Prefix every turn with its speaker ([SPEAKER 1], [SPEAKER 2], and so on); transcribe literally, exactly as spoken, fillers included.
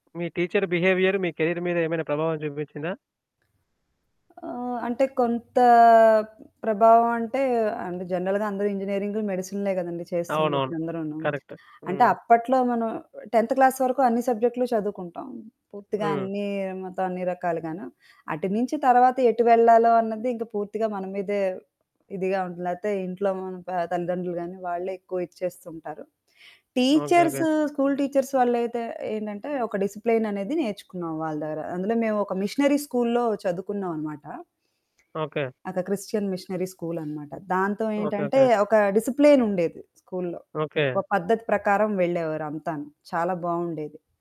[SPEAKER 1] మీ teacher behaviour మీ career మీదేమైనా ప్రభావం చూపించిందా?
[SPEAKER 2] ఆహ్, అంటే కొంత ప్రభావం అంటే, అంటే జనరల్‌గా అందరూ ఇంజినీరింగ్‌లు, మెడిసిన్‌లే గదండీ
[SPEAKER 1] అవునవును,
[SPEAKER 2] చేస్తుందిప్పుడు అందరూను.
[SPEAKER 1] కరెక్ట్.
[SPEAKER 2] అంటే
[SPEAKER 1] హ్మ్.
[SPEAKER 2] అప్పట్లో మనం టెంత్ క్లాస్ వరకు అన్ని సబ్జెక్ట్‌లు చదువుకుంటాం. పూర్తిగా
[SPEAKER 1] హ్మ్.
[SPEAKER 2] అన్ని మొత్తం అన్ని రకాలుగాను. అటు నుంచి తర్వాత ఎటు వెళ్లాలో అన్నది ఇంకా పూర్తిగా మన మీదే ఇదిగా ఉంటుంది. లేదా ఇంట్లో మన తల్లిదండ్రులు గానీ వాళ్ళే ఎక్కువ ఇచ్చేస్తుంటారు.
[SPEAKER 1] Okay.
[SPEAKER 2] Teachers,
[SPEAKER 1] okay.
[SPEAKER 2] School teachers వాళ్ళయితే ఏంటంటే, ఒక డిసిప్లిననేది నేర్చుకున్నాం వాళ్ళ దగ్గర. అందులో మేమొక మిషనరీ స్కూల్లో చదువుకున్నావన్నమాట.
[SPEAKER 1] ఓకే.
[SPEAKER 2] ఒక క్రిస్టియన్ మిషనరీ స్కూలన్నమాట. దాంతో
[SPEAKER 1] ఓకే.
[SPEAKER 2] ఏంటంటే,
[SPEAKER 1] ఓకే.
[SPEAKER 2] ఒక డిసిప్లిన్ ఉండేది, స్కూల్లో.
[SPEAKER 1] ఓకే.
[SPEAKER 2] ఒక పద్ధతి ప్రకారం వెళ్ళేవారంతాను. చాలా బాగుండేది.